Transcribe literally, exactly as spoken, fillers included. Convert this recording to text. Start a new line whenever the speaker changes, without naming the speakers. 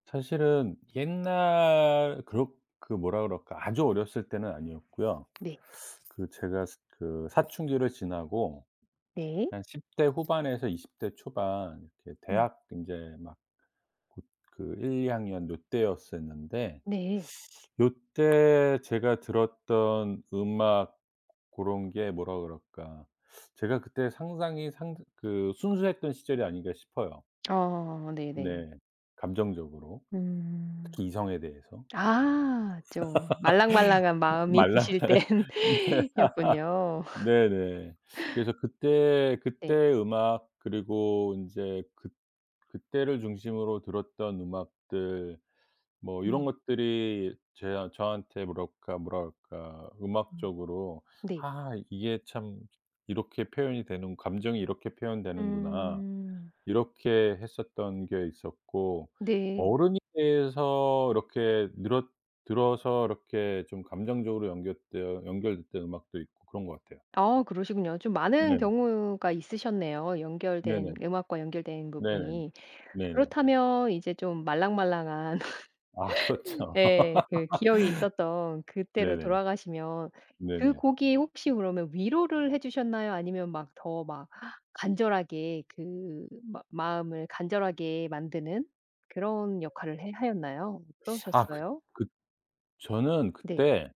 사실은 옛날 그러 그 뭐라 그럴까. 아주 어렸을 때는 아니었고요.
네.
그 제가 스 그 사춘기를 지나고
네.
한 십 대 후반에서 이십 대 초반 이렇게
음.
대학 이제 막 고 그 일이 학년 요때였었는데
네.
요때 제가 들었던 음악 고런 게 뭐라 그럴까. 제가 그때 상당히 상 그 순수했던 시절이 아닌가 싶어요.
아 네네.
네. 감정적으로.
음.
특히 이성에 대해서.
아 좀 말랑말랑한 마음이
말라
드실
네.
땐였군요.
네네. 그래서 그때,
네.
그때 음악 그리고 인제 그 그때를 중심으로 들었던 음악들 뭐 이런
음.
것들이 제 아 저한테 뭐랄까 뭐라 그럴까.
음.
음악적으로
네.
'아 이게 참 이렇게 표현이 되는 감정이 이렇게 표현되는구나.'
음.
이렇게 했었던 게 있었고
네.
어른이 돼서 이렇게 늘었 들어서 이렇게 좀 감정적으로 연결되어 연결됐던 음악도 있고 그런 것 같아요.
아 그러시군요. 좀 많은
네.
경우가 있으셨네요.
네네.
연결된 음악과 연결된
네.
부분이.
네네.
그렇다면 이제 좀 말랑말랑한
아 그렇죠.
예 그 기억이 있었던 그때로
네네.
돌아가시면 그
네네.
곡이 혹시 그러면 위로를 해 주셨나요? 아니면 막 더 막 간절하게 그 막 마음을 간절하게 만드는 그런 역할을 해 하였나요?
아 그
어떠셨어요?
그 저는
네.
그때